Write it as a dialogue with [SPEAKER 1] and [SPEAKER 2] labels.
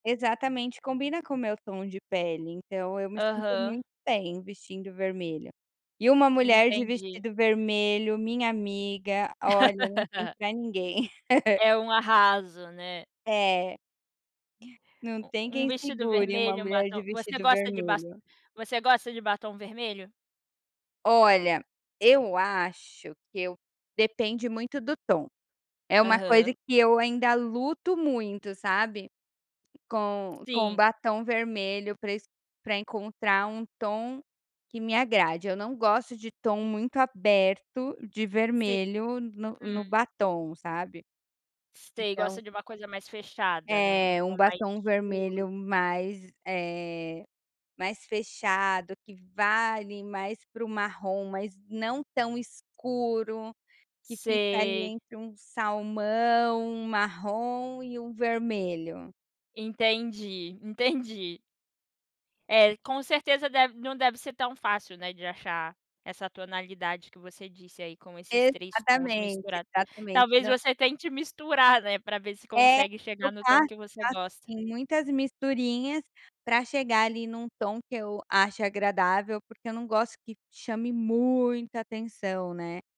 [SPEAKER 1] Exatamente, combina com o meu tom de pele, então eu me sinto
[SPEAKER 2] Aham.
[SPEAKER 1] muito bem vestindo vermelho. E uma mulher de
[SPEAKER 2] Entendi.
[SPEAKER 1] vestido vermelho, minha amiga, olha, não tem pra ninguém.
[SPEAKER 2] É um arraso, né.
[SPEAKER 1] É. Não
[SPEAKER 2] U
[SPEAKER 1] tem
[SPEAKER 2] um
[SPEAKER 1] quem
[SPEAKER 2] vestido
[SPEAKER 1] segure uma
[SPEAKER 2] vermelho, um
[SPEAKER 1] mulher de
[SPEAKER 2] batom. Você
[SPEAKER 1] vestido
[SPEAKER 2] gosta de basto
[SPEAKER 1] vermelho.
[SPEAKER 2] você gosta de batom vermelho?
[SPEAKER 1] Olha, eu acho que eu depende muito do tom. É uma coisa
[SPEAKER 2] Aham.
[SPEAKER 1] que eu ainda luto muito, sabe, com com
[SPEAKER 2] Sim.
[SPEAKER 1] batom vermelho pra esc pra encontrar um tom que me agrade, eu não gosto de tom muito aberto de
[SPEAKER 2] Sim.
[SPEAKER 1] vermelho no
[SPEAKER 2] Uhum.
[SPEAKER 1] no batom, sabe.
[SPEAKER 2] Sei,
[SPEAKER 1] Então
[SPEAKER 2] gosta de uma coisa mais fechada, né, um
[SPEAKER 1] É, um
[SPEAKER 2] tom mais
[SPEAKER 1] batom
[SPEAKER 2] escuro.
[SPEAKER 1] vermelho mais, eh, mais fechado, que vá, ali, mais para o marrom, mas não tão escuro, que fica ali,
[SPEAKER 2] Sei.
[SPEAKER 1] entre um salmão, um marrom e um vermelho.
[SPEAKER 2] Entendi, entendi. É, com certeza deve não deve ser tão fácil, né, de achar essa tonalidade que você disse aí, com esses 3 tons
[SPEAKER 1] Exatamente,
[SPEAKER 2] misturados.
[SPEAKER 1] exatamente,
[SPEAKER 2] Talvez
[SPEAKER 1] não
[SPEAKER 2] você tente misturar, né, pra ver se
[SPEAKER 1] É,
[SPEAKER 2] consegue chegar no
[SPEAKER 1] trocar,
[SPEAKER 2] tom que você gosta.
[SPEAKER 1] assim, muitas misturinhas pra chegar ali num tom que eu ache agradável, porque eu não gosto que chame muita atenção, né.